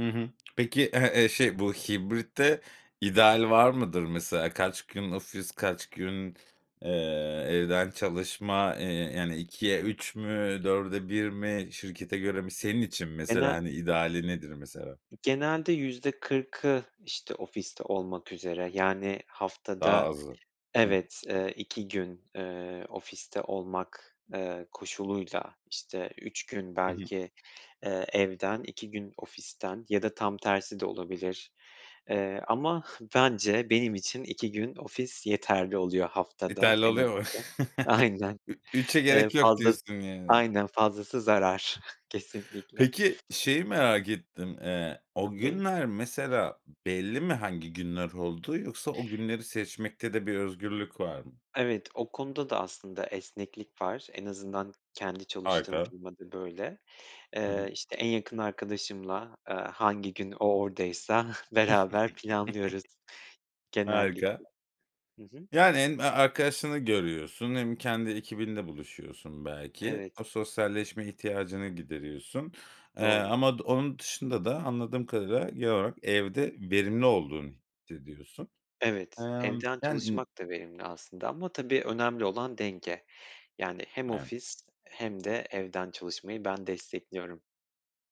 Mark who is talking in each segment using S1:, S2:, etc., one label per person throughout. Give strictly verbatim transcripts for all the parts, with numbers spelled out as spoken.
S1: Hı hı. Peki, eh, eee, şey bu hibrit de ideal var mıdır mesela? Kaç gün ofis, kaç gün, ııı, evden çalışma, ııı, yani ikiye üç mü, dörde bir mi, şirkete göre mi? Senin için mesela
S2: Gene
S1: hani ideali nedir mesela?
S2: Genelde yüzde kırkı işte ofiste olmak üzere, yani
S1: Daha
S2: haftada
S1: azı. Hı hı.
S2: evet, eee, iki gün, eee, ofiste olmak, eee, koşuluyla işte üç gün
S1: Hı hı.
S2: belki, eee, evden iki gün ofisten ya da tam tersi de olabilir, eee, ama bence benim için iki gün ofis yeterli oluyor. Haftada
S1: Yeterli
S2: en
S1: oluyor mu?
S2: azından aynen,
S1: Ü üçe
S2: eee,
S1: gerek yok
S2: fazlası
S1: diyorsun yani.
S2: aynen fazlası zarar kesinlikle.
S1: Peki şeyi merak ettim. Iıı, o
S2: Tabii.
S1: günler mesela belli mi hangi günler olduğu, yoksa o günleri seçmekte de bir özgürlük var mı?
S2: Evet o konuda da aslında esneklik var. En azından kendi çalıştığım
S1: Harika.
S2: firma da böyle.
S1: Hı hı.
S2: Iıı, işte en yakın arkadaşımla, ııı, hangi gün o oradaysa beraber planlıyoruz genellikle.
S1: Harika.
S2: Hı hı.
S1: Yani hem arkadaşını görüyorsun hem kendi ekibinle buluşuyorsun belki.
S2: Evet.
S1: O sosyalleşme ihtiyacını gideriyorsun. Iıı,
S2: Doğru.
S1: ama od onun dışında da anladığım kadarıyla, genel olarak, evde verimli olduğunu hissediyorsun.
S2: Evet,
S1: Imm.
S2: evden
S1: Yani n
S2: çalışmak da verimli aslında ama tabii önemli olan denge. Yani hem
S1: Aynen.
S2: ofis hem de evden çalışmayı ben destekliyorum.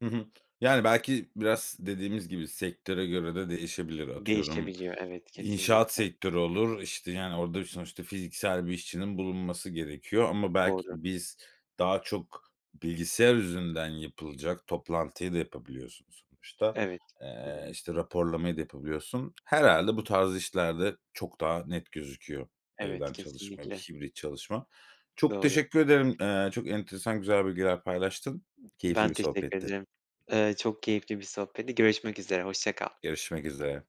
S1: Hı hı. Yani belki biraz dediğimiz gibi sektöre göre de değişebilir. Atıyorum
S2: Değişebiliyor evet
S1: inşaat
S2: kesinlikle.
S1: sektörü olur, işte yani orada sonuçta fiziksel bir işçinin bulunması gerekiyor ama belki
S2: Doğru.
S1: biz, daha çok bilgisayar üzerinden yapılacak, toplantıyı da yapabiliyorsunuz sonuçta.
S2: Evet.
S1: Eee, işte raporlamayı da yapabiliyorsun. Herhâlde bu tarz işlerde çok daha net gözüküyor
S2: Evet,
S1: evden çalışma,
S2: kesinlikle.
S1: hibrit çalışma. Çok
S2: Doğru.
S1: teşekkür ederim. Iıı, çok enteresan güzel bilgiler paylaştın. Keyifli
S2: Ben
S1: bir
S2: teşekkür
S1: sohbetti.
S2: ediyorum. Iıı, çok keyifli bir sohbetti. Görüşmek üzere, hoşça kal.
S1: Görüşmek üzere.